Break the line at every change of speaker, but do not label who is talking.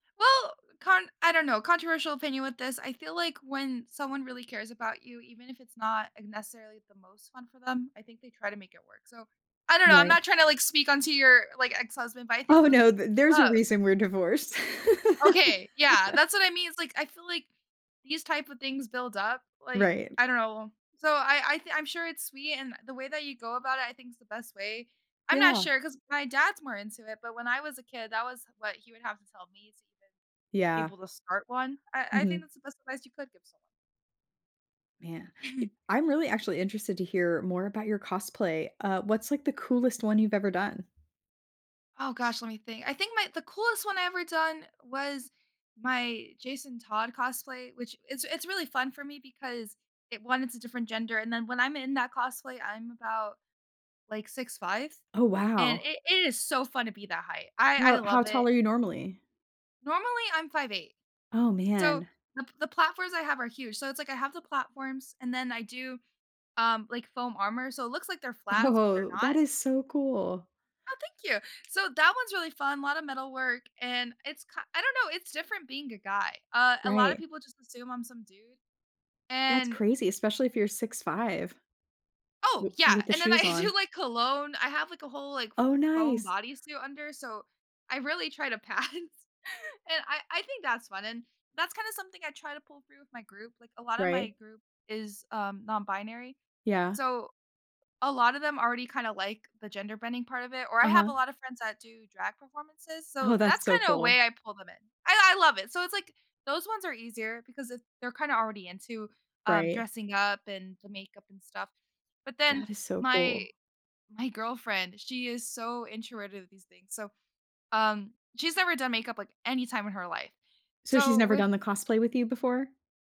Well, con I don't know controversial opinion with this. I feel like when someone really cares about you, even if it's not necessarily the most fun for them, I think they try to make it work so I don't know, I'm
Right.
not tryna, like, speak on to your, like, ex-husband, but I think
Oh,
those
no,
things
th there's
build
a
up.
reason we're divorced.
Okay. Yeah, that's what I mean it's like, I feel like these type of things build up, like
Right.
I don't know, so I I thi I'm sure it's sweet, and the way that you go about it, I think's the best way. I'm not
Yeah.
sure 'cause my dad's more into it, but when I was a kid, that was, like he would have to tell me to be
Yeah.
able to start one. I I think
Mhm.
that's the best advice you could give someone.
Man, i I'm really actually interested to hear more about your cosplay, uh, what's like, the coolest one you've ever done?
Oh, gosh, let me think. I think my the coolest one I ever done was my Jason Todd cosplay, which it's it's really fun for me because it 1, it's a different gender and then when I'm in that cosplay, I'm about like 6'5",
Oh,
and
wow.
it it is so fun to be that height, I I
How how
love it.
tall are you normally?
Normally, I'm 5'8".
Oh,
So
man.
th the platforms I have are huge so it's like I have the platforms and then I do, um, like foam armor, so it looks like they're flats, but they're
Oh,
not.
that is so cool.
Oh, thank you, so that one's really fun lotta metalwork, and it's ki I don't know, it's different being a guy, uh a lotta
Right.
people just assume I'm some dude
That's
and
crazy, especially if you're 6'5".
Oh,
W
yeah,
with the
and then
shoes
I do
on.
like cologne I have like a whole, like, f
Oh,
foam
nice.
body suit under, so I really try to pass. And I I think that's fun, and that's kind of something I try to pull through with my group, like, a lotta my
Right.
group is, um, non binary.
Yeah.
So a lot of them already kinda like the gender bending part of it or I have a
Uh-huh.
lot of friends that do drag performances,
Oh,
so
that's
that's
so
kinda a
cool.
way I pull them in. I I love it, so it's like those ones are easier because they're kinda already into, um,
Right.
dressing up and the makeup and stuff but then
That is so
my
cool.
my girlfriend, she is so introverted to these things, so, um, she's never done makeup like any time in her life.
So she's
So
never
with
done the cosplay with you before?